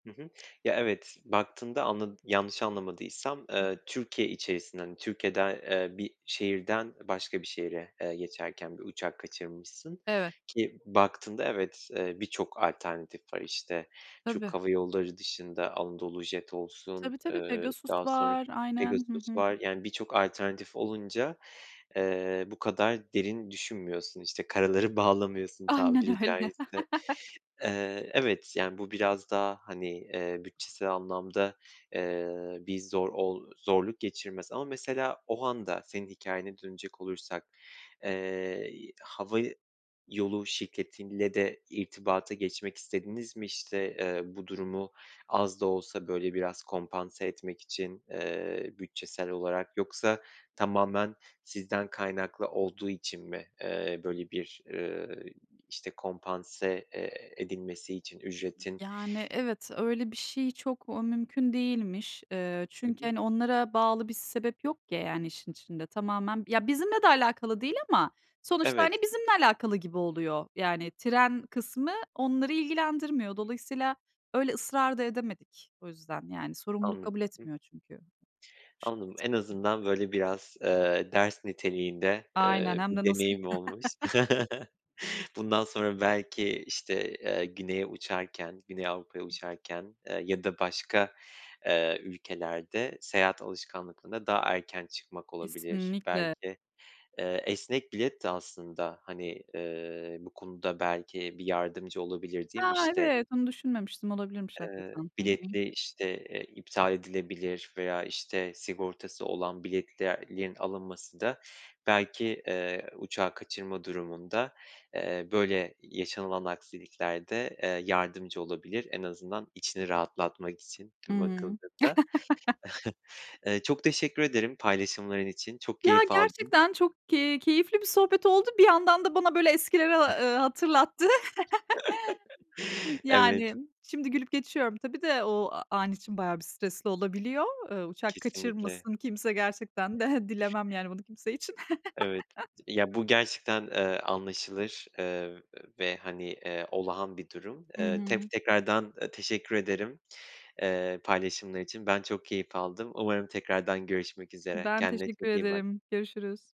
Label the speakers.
Speaker 1: Hı hı, ya, evet, baktığında anladı yanlış anlamadıysam, eee, Türkiye içerisinden, hani, Türkiye'de, eee, bir şehirden, ı başka bir şehire, eee, geçerken bir uçak kaçırmışsın
Speaker 2: Evet.
Speaker 1: ki, baktığında, evet, eee, birçok alternatif var. İşte,
Speaker 2: Tabii.
Speaker 1: Türk Hava Yolları dışında Anadolu Jet olsun,
Speaker 2: Tabii, tabii.
Speaker 1: ııı,
Speaker 2: Pegasus
Speaker 1: daha sonra
Speaker 2: var. Aynen. Hı
Speaker 1: Pegasus
Speaker 2: hı.
Speaker 1: var, yani, birçok alternatif olunca, eee, bu kadar derin düşünmüyorsun, işte, karaları bağlamıyorsun,
Speaker 2: Aynen
Speaker 1: tabiri
Speaker 2: öyle.
Speaker 1: caizse. Eee, evet, yani, bu biraz daha, hani, eee, bütçesel anlamda, eee, bir zor ol zorluk geçirmez ama, mesela, o anda senin hikâyene dönecek olursak, eee, hava yolu şirketiyle de irtibata geçmek istediniz mi? İşte, eee, bu durumu az da olsa, böyle, biraz kompanse etmek için, eee, bütçesel olarak, yoksa tamamen sizden kaynaklı olduğu için mi, eee, böyle bir, ııı, işte, kompanse, eee, edilmesi için ücretin
Speaker 2: Yani, evet, öyle bir şey çok, ooo, mümkün değilmiş. İii,
Speaker 1: Hı
Speaker 2: çünkü,
Speaker 1: hı.
Speaker 2: hani, onlara bağlı bir sebep yok, yani, işin içinde tamamen, ya, bizimle de alakalı değil ama sonuçta, hani,
Speaker 1: Evet.
Speaker 2: bizimle alakalı gibi oluyor. Yani, tren kısmı onları ilgilendirmiyor. Dolayısıyla öyle ısrar da edemedik o yüzden. Yani, sorumluluk
Speaker 1: Anla
Speaker 2: kabul
Speaker 1: [unintelligible]
Speaker 2: etmiyor çünkü.
Speaker 1: Anladım. En azından, böyle, biraz, eee, ders niteliğinde,
Speaker 2: Aynen.
Speaker 1: eee,
Speaker 2: Hem
Speaker 1: bir
Speaker 2: de nasıl.
Speaker 1: deneyim olmuş. Bundan sonra belki işte, eee, güneye uçarken Güney Avrupa'ya uçarken, eee, ya da başka, eee, ülkelerde seyahat alışkanlıklarına daha erken çıkmak olabilir
Speaker 2: Kesinlikle.
Speaker 1: belki. Eee, esnek bilet de aslında, hani, eee, bu konuda belki bir yardımcı olabilir, değil mi,
Speaker 2: A,
Speaker 1: işte?
Speaker 2: evet, onu düşünmemiştim, olabilirmiş
Speaker 1: Iıı,
Speaker 2: hakikaten. Hı hı.
Speaker 1: biletli, işte, eee, iptal edilebilir veya işte sigortası olan biletlerin alınması da belki, eee, uçağı kaçırma durumunda, eee, böyle yaşanılan aksiliklerde, eee, yardımcı olabilir. En azından içini rahatlatmak için
Speaker 2: Hı
Speaker 1: [unintelligible]
Speaker 2: hı.
Speaker 1: bakıldığında. Eee, çok teşekkür ederim paylaşımların için, çok
Speaker 2: Ya,
Speaker 1: keyif aldım.
Speaker 2: gerçekten çok ke keyifli bir sohbet oldu. Bir yandan da bana, böyle, eskileri, ııı, hatırlattı.
Speaker 1: Evet.
Speaker 2: Yani, şimdi gülüp geçiyorum ,tabii de, o an için bayağı bir stresli olabiliyor. Iıı, uçak
Speaker 1: Kesinlikle.
Speaker 2: kaçırmasın kimse gerçekten de dilemem, yani, bunu kimse için.
Speaker 1: Evet, ya, bu gerçekten, eee, anlaşılır. Iıı, ve, hani, eee, olağan bir durum,
Speaker 2: Hı
Speaker 1: eee, tef
Speaker 2: hı.
Speaker 1: eee, tekrardan teşekkür ederim, eee, paylaşımlar için. Ben çok keyif aldım. Umarım tekrardan görüşmek üzere.
Speaker 2: Ben
Speaker 1: Kendine
Speaker 2: teşekkür
Speaker 1: çok iyi bak.
Speaker 2: ederim, görüşürüz.